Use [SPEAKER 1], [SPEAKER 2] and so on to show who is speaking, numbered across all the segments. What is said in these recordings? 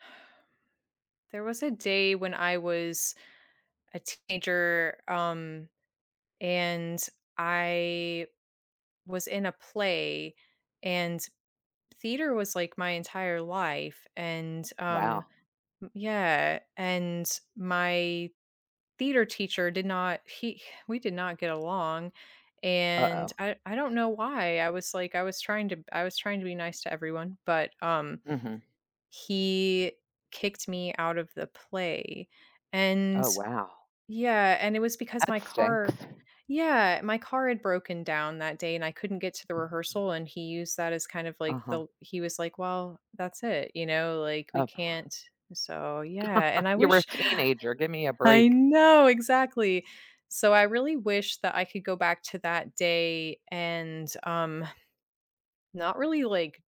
[SPEAKER 1] There was a day when I was a teenager, um, and I was in a play, and theater was, like, my entire life, and, um,
[SPEAKER 2] Wow.
[SPEAKER 1] m Yeah, and my theater teacher did not, he we did not get along, and
[SPEAKER 2] Uh-oh.
[SPEAKER 1] I I don't know why. I was, like I was trying to b I was trying to be nice to everyone, but, um
[SPEAKER 2] Mhm.
[SPEAKER 1] …he kicked me out of the play, and
[SPEAKER 2] Oh, wow.
[SPEAKER 1] Yeah, and it was because
[SPEAKER 2] That
[SPEAKER 1] my
[SPEAKER 2] stinks.
[SPEAKER 1] car Yeah, my car had broken down that day and I couldn't get to the rehearsal, and he used that as kind of like the
[SPEAKER 2] Uh-huh.
[SPEAKER 1] l he was like, "Well, that's it," you know, like, we
[SPEAKER 2] Oh p
[SPEAKER 1] can't So, yeah, and I
[SPEAKER 2] You were a
[SPEAKER 1] wish
[SPEAKER 2] teenager, give me a
[SPEAKER 1] I
[SPEAKER 2] break.
[SPEAKER 1] know, exactly. So, I really wish that I could go back to that day, and, um, not really, like,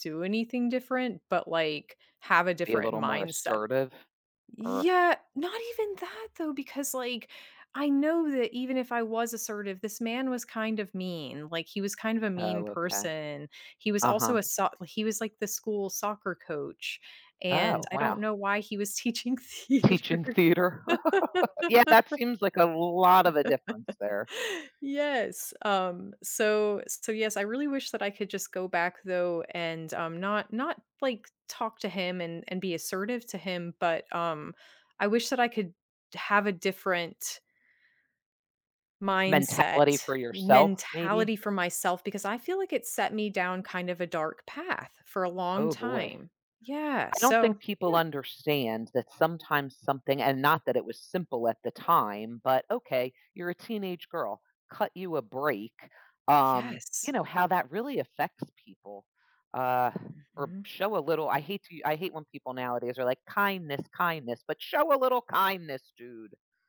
[SPEAKER 1] do anything different, but, like, have a
[SPEAKER 2] Be a
[SPEAKER 1] different
[SPEAKER 2] little more
[SPEAKER 1] mindset.
[SPEAKER 2] assertive or
[SPEAKER 1] Yeah, not even that though, because, like, I know that even if I was assertive, this man was kind of mean, like, he was kind of a mean
[SPEAKER 2] Oh, okay.
[SPEAKER 1] person. He was also
[SPEAKER 2] Uh-huh.
[SPEAKER 1] a soc he was, like, the school soccer coach, and
[SPEAKER 2] Oh,
[SPEAKER 1] I don't
[SPEAKER 2] wow.
[SPEAKER 1] know why he was teaching theater.
[SPEAKER 2] Teaching theater. Yeah, that seems like a lot of a difference there.
[SPEAKER 1] Yes, um, so so, yes, I really wish that I could just go back though, and, um, not not, like, talk to him and and be assertive to him, but, um, I wish that I could have a different
[SPEAKER 2] Mentality
[SPEAKER 1] mindset,
[SPEAKER 2] for
[SPEAKER 1] y
[SPEAKER 2] yourself, maybe?
[SPEAKER 1] mentality for myself, because I feel like it set me down kind of a dark path for a long
[SPEAKER 2] Oh boy.
[SPEAKER 1] time. Yeah,
[SPEAKER 2] I don't think
[SPEAKER 1] so
[SPEAKER 2] people
[SPEAKER 1] Yeah.
[SPEAKER 2] understand that sometimes something- and not that it was simple at the time- but, "Okay, you're a teenage girl, cut you a break," um, you
[SPEAKER 1] Yes.
[SPEAKER 2] know, how that really affects people, uh, or p
[SPEAKER 1] Mhm.
[SPEAKER 2] show a little I hate to u I hate when people nowadays are like, "Kindness, kindness," but show a little kindness, dude!